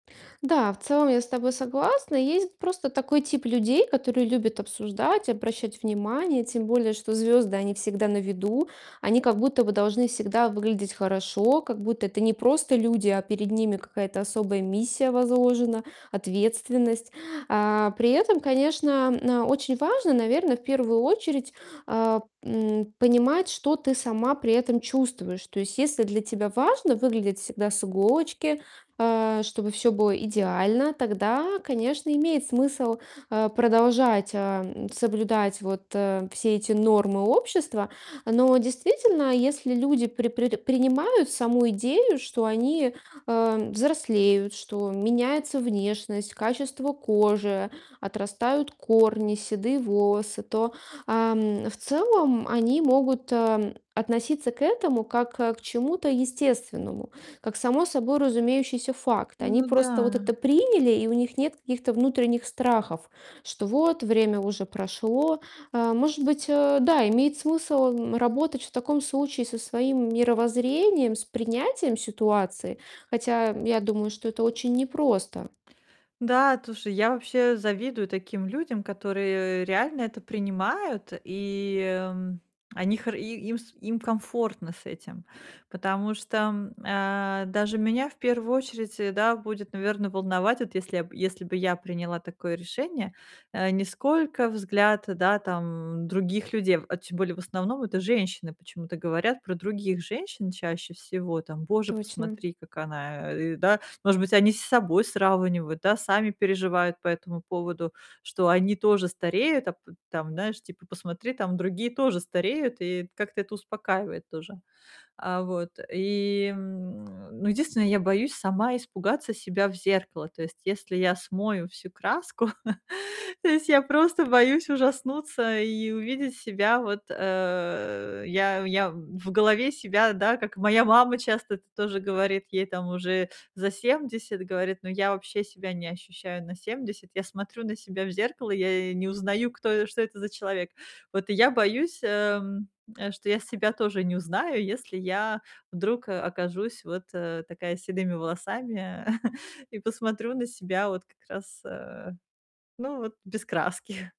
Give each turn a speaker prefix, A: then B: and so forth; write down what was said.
A: Да, в целом я с тобой согласна. Есть просто такой тип людей, которые любят обсуждать, обращать внимание. Тем более, что звезды- они всегда на виду. Они как будто бы должны всегда выглядеть хорошо, как будто это не просто люди, а перед ними какая-то особая миссия возложена, ответственность. А, при этом, конечно, на очень важно, наверно, в первую очередь, а, м, понимать, что ты сама при этом чувствуешь. То есть если для тебя важно выглядеть всегда с иголочки, э, чтобы всё было идеально, тогда, конечно, имеет смысл, э, продолжать, э, м, соблюдать вот, э, все эти нормы общества. Но действительно, если люди при при принимают саму идею, что они, э, взрослеют, что меняется внешность, качество кожи, отрастают корни, седые волосы, то, ам, в целом они могут, э, м, относиться к этому как, э, к чему-то естественному, как само собой разумеющийся факт. Они
B: Ну
A: просто вот это
B: да.
A: приняли, и у них нет каких-то внутренних страхов, что вот, время уже прошло. Э, может быть, э, да, имеет смысл, м, работать в таком случае со своим мировоззрением, с принятием ситуации. Хотя я думаю, что это очень непросто.
B: Да, слушай, я вообще завидую таким людям, которые реально это принимают, и, м, они хор и им с им комфортно с этим. Потому что, м, а, даже меня в первую очередь, э, да, будет, наверно, волновать, вот если я если бы я приняла такое решение, э, ни сколько взгляд, да, там, других людей, а в а тем более, в основном это женщины почему-то говорят про других женщин чаще всего там:
A: М,
B: "Боже,
A: точно.
B: посмотри, как она, э, а, ы" Да? Может быть, они с собой сравнивают, да? Сами переживают по этому поводу, что они тоже стареют, а п п там, знаешь типа: "Посмотри, там другие тоже стареют"- и как-то это успокаивает тоже. А, вот. И н ну, единственное, я боюсь сама испугаться себя в зеркало. То есть если я смою всю краску, то есть я просто боюсь ужаснуться и увидеть себя вот, э Я я в голове себя, да, как моя мама часто это тоже говорит- ей там уже за 70- говорит: "Но я вообще себя не ощущаю на 70. Я смотрю на себя в зеркало, я и не узнаю, кто что это за человек". Вот и я боюсь, эм, э, что я себя тоже не узнаю, если я вдруг, э, окажусь вот, э, такая с седыми волосами и посмотрю на себя вот как раз, э, ну, вот без краски.